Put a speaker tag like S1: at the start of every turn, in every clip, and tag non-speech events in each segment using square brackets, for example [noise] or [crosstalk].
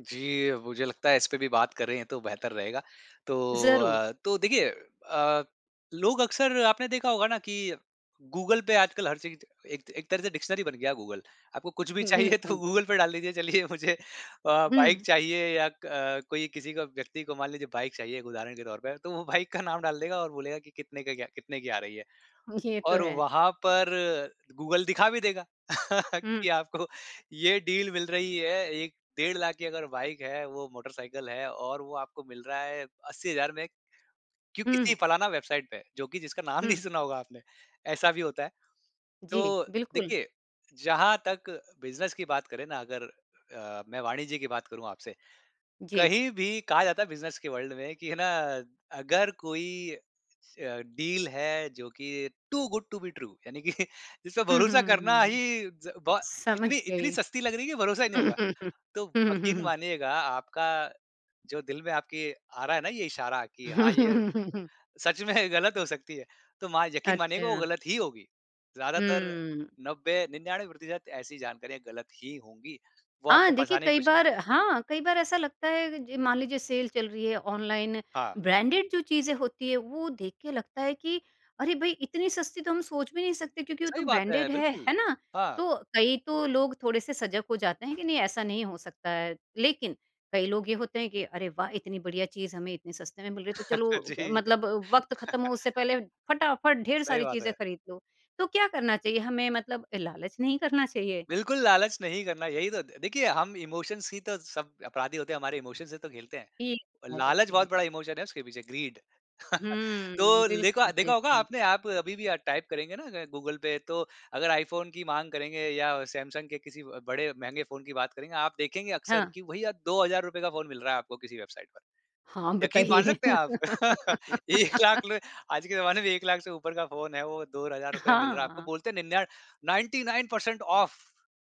S1: जी, मुझे लगता है इस पे भी बात करें तो बेहतर रहेगा। तो
S2: ज़रूर।
S1: अ तो देखिए अ, लोग अक्सर आपने देखा होगा ना कि गूगल पे आजकल हर चीज़ एक त एक तरह से डिक्शनरी बन गया है गूगल। आपको कुछ भी
S2: हुँ,
S1: चाहिए तो
S2: बिल्कुल।
S1: गूगल पे डाल दीजिए चलिए मुझे अ, बाइक
S2: हुँ।
S1: चाहिए या क कोई किसी का व्यक्ति को मान लीजिए बाइक चाहिए एक उदाहरण के तौर पर तो वो बाइक का नाम डाल देगा और बोलेगा कि कितने का क्या कितने की आ रही है।
S2: ये तो
S1: और
S2: है।
S1: वहाँ पर गूगल दिखा भी देगा [laughs]
S2: हुँ।
S1: कि आपको ये डील मिल रही है 1 डेढ़ लाख की अगर बाइक है वो मोटरसाइकिल है और वो आपको मिल रहा है 80000 में, क्यों किसी
S2: हुँ।
S1: फलाना वेबसाइट पे। जो कि जिसका नाम नहीं
S2: हुँ।
S1: सुना होगा आपने, ऐसा भी होता है।
S2: जी,
S1: तो
S2: बिल्कुल।
S1: देखिए जहाँ तक बिज़नेस की बात करें ना अगर अ, मैं वाणिज्य की बात करूँ आपसे।
S2: जी।
S1: कहीं भी कहा जाता है बिज़नेस के वर्ल्ड में कि है ना अगर कोई अ, डील है जो कि too good to be true यानि कि जिसपे
S2: हुँ,
S1: भरोसा करना
S2: हुँ।
S1: ही ज़ बहो
S2: समझ
S1: इतनी इतनी
S2: गयी।
S1: सस्ती लग रही है कि भरोसा ही नहीं
S2: हुँ,
S1: होगा।
S2: हुँ, हुँ।
S1: तो
S2: हुँ, हुँ। हुँ,
S1: यकीन
S2: हुँ।
S1: मानिएगा आपका जो दिल में आपके आ रहा है ना ये इशारा की हाँ ये
S2: [chuckles]
S1: सच में गलत हो सकती है। तो मा यकीन मानिएगा वो
S2: अच्छा।
S1: गलत ही होगी। ज़्यादातर
S2: हम्म।
S1: 90-99% ऐसी जानकारियाँ गलत ही होंगी। वो
S2: हाँ,
S1: आपको
S2: देखिए
S1: फसाने की
S2: कई
S1: कोशिश कर रह
S2: बार हाँ, कई बार ऐसा लगता है अग जी, मान लीजिए सेल चल रही है, ऑनलाइन
S1: हाँ।
S2: ब्रांडेड जो चीज़ें होती हैं वो देख के लगता है कि, अरे भई इतनी सस्ती तो हम सोच भी नहीं सकते क्योंकि वो तो
S1: सही बात है,
S2: ब्रांडेड है, है
S1: बिल्कुल,
S2: ना?
S1: हाँ।
S2: तो कई तो लोग थोड़े से सजग हो जाते हैं कि नहीं ऐसा नहीं हो सकता है लेकिन कई लोग ये होते हैं कि अरे वाह! इतनी बढ़िया चीज़ हमें इतने सस्ते में मिल रही है तो
S1: [laughs]
S2: चलो
S1: जी।
S2: मतलब वक़्त ख़त्म हो उससे
S1: [laughs]
S2: पहले फटाफट ढेर
S1: सही
S2: सारी
S1: बात
S2: चीज़ें
S1: है।
S2: खरीद लो तो क्या करना चाहिए हमें मतलब लालच नहीं करना चाहिए?
S1: बिल्कुल लालच नहीं करना। यही तो द देखिए हम इमोशंस ही तो सब अपराधी होते हैं हमारे इमोशंस से तो खेलते हैं।
S2: ठीक है,
S1: लालच
S2: देखिए।
S1: बहुत बड़ा इमोशन है उसके पीछे ग्रीड [chuckles] तो
S2: हम्म,
S1: लेखा
S2: बिल्कुल,
S1: देखा होगा
S2: बिल्कुल।
S1: आपने आप अभी भी अ, टाइप करेंगे ना गूगल पे तो अगर आईफोन की माँग करेंगे या सैमसंग के किसी ब बड़े महँगे फ़ोन की बात करेंगे आप देखेंगे अक्सर
S2: हाँ।
S1: कि भईया ₹2000 का फ़ोन मिल रहा है आपको किसी वेबसाइट पर।
S2: हाँ,
S1: यक़ीन मान
S2: बताइये।
S1: सकते हैं आप? [laughs] 1 लाख
S2: [laughs]
S1: ले आज के जमाने में 1 लाख से ऊपर का फ़ोन है वो ₹2000 में मिल रहा है आपको।
S2: हाँ।
S1: बोलते हैं निन्यान 99 परसेंट ऑफ,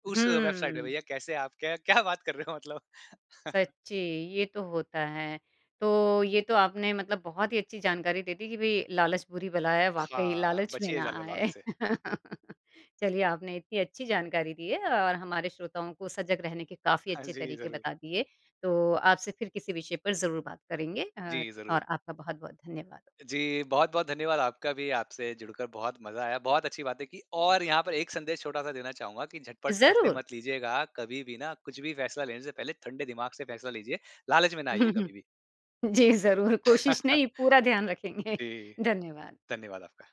S1: उस वेबसाइट पे।
S2: हम्म।
S1: भईया कैसे आप क्य क्या बात कर रहे हो मतलब? [chuckles]
S2: सच्ची, ये तो होता है। तो ये तो आपने मतलब बहुत ही अच्छी जानकारी दे दी कि भई लालच बुरी बला है वाक़ई
S1: हाँ,
S2: लालच में
S1: बचिए
S2: ना
S1: ज़्यादा
S2: आए।
S1: लालच से।
S2: [laughs] चलिए आपने इत्ती अच्छी जानकारी दी है और हमारे श्रोताओं को सजग रहने के काफ़ी
S1: हाँ
S2: अच्छे
S1: जी,
S2: तरीके
S1: ज़रूर।
S2: बता दिए। तो आपसे फिर किसी विषय पर ज़रूर बात करेंगे अ,
S1: जी, ज़रूर।
S2: और आपका बहुत-बहुत धन्यवाद।
S1: जी, बहुत-बहुत धन्यवाद आपका भी। आपसे जुड़कर बहुत मज़ा आया, बहुत अच्छी बातें की। और यहाँ पर एक संदेश छोटा-सा देना चाहूँगा कि झटपट फैसले
S2: ज़रूर।
S1: मत लीजियेगा कभी भी ना कुछ भी फैसला लेने से पहले ठंडे दिमाग से फैसला लीजिए। लालच में ना आइए
S2: [chuckles]
S1: कभी भी।
S2: जी, ज़रूर कोशिश
S1: [chuckles]
S2: नहीं पूरा ध्यान रखेंगे।
S1: जी,
S2: धन्यवाद।
S1: धन्यवाद आपका।